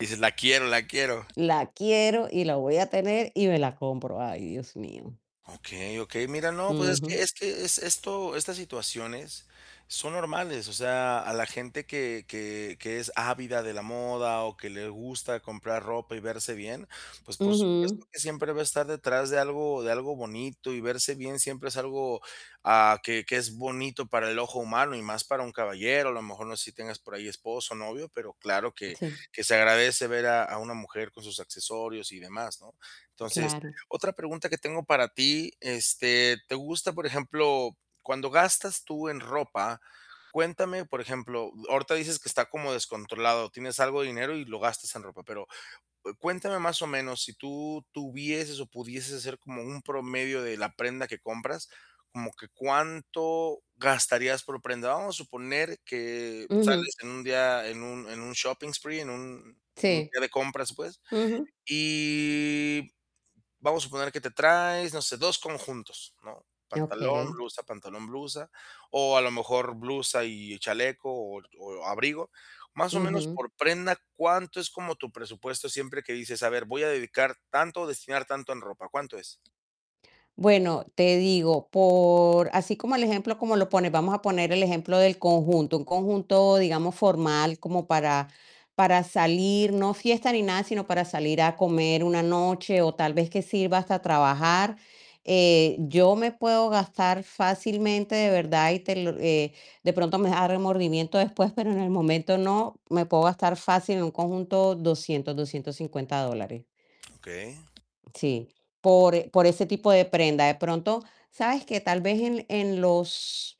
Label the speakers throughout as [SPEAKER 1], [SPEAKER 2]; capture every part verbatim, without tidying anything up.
[SPEAKER 1] Dices: "La quiero, la quiero".
[SPEAKER 2] La quiero y la voy a tener y me la compro. Ay, Dios mío.
[SPEAKER 1] Okey, okey. Mira, no, pues es que
[SPEAKER 2] Ujú.
[SPEAKER 1] es que es esto estas situaciones son normales, o sea, a la gente que que que es ávida de la moda, o que le gusta comprar ropa y verse bien, pues, por
[SPEAKER 2] Ujú.
[SPEAKER 1] supuesto que siempre va a estar detrás de algo de algo bonito y verse bien siempre es algo, ah, que que es bonito para el ojo humano y más para un caballero. A lo mejor no sé si tengas por ahí esposo, novio, pero claro que
[SPEAKER 2] Sí.
[SPEAKER 1] que se agradece ver a a una mujer con sus accesorios y demás, ¿no? Entonces,
[SPEAKER 2] Claro.
[SPEAKER 1] otra pregunta que tengo para ti, este, ¿te gusta, por ejemplo? Cuando gastas tú en ropa, cuéntame, por ejemplo, ahorita dices que está como descontrolado, tienes algo de dinero y lo gastas en ropa, pero, eh, cuéntame, más o menos, si tú tuvieses o pudieses hacer como un promedio de la prenda que compras, como que cuánto gastarías por prenda. Vamos a suponer que
[SPEAKER 2] Ujú.
[SPEAKER 1] sales en un día, en un en un shopping spree en un un
[SPEAKER 2] Sí.
[SPEAKER 1] día de compras, pues,
[SPEAKER 2] Ujú.
[SPEAKER 1] y vamos a suponer que te traes, no sé, dos conjuntos, ¿no? Pantalón,
[SPEAKER 2] Okey.
[SPEAKER 1] blusa, pantalón, blusa, o a lo mejor blusa y chaleco, o o abrigo. Más o menos
[SPEAKER 2] Ujú.
[SPEAKER 1] por prenda, ¿cuánto es como tu presupuesto? Siempre que dices: "A ver, voy a dedicar tanto o destinar tanto en ropa", ¿cuánto es?
[SPEAKER 2] Bueno, te digo, por así como el ejemplo como lo pones, vamos a poner ejemplo del conjunto, un conjunto, digamos, formal, como para para salir, no fiesta ni nada, sino para salir a comer una noche, o tal vez que sirva hasta trabajar, eh, yo me puedo gastar fácilmente, de verdad, y te lo eh, de pronto me da remordimiento después, pero en el momento no, me puedo gastar fácil en un conjunto doscientos, doscientos cincuenta dólares.
[SPEAKER 1] Okey.
[SPEAKER 2] Sí, por e por ese tipo de prenda. De pronto, ¿sabes qué? Tal vez en en los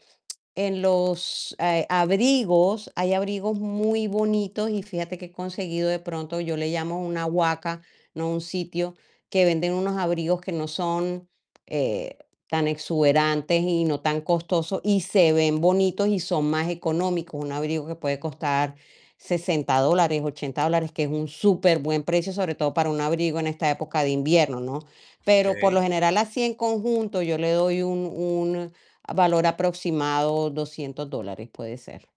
[SPEAKER 2] en los, eh, abrigos, hay abrigos muy bonitos, y fíjate que he conseguido, de pronto, yo le llamo una guaca, ¿no? Un sitio que venden unos abrigos que no son, eh, tan exuberantes y no tan costosos, y se ven bonitos y son más económicos. Un abrigo que puede costar sesenta dólares, ochenta dólares, que es un superbuen precio, sobre todo para un abrigo en esta época de invierno, ¿no? Pero, por lo
[SPEAKER 1] Okey.
[SPEAKER 2] general, así, en conjunto, yo le doy un un valor aproximado, doscientos dólares, puede ser.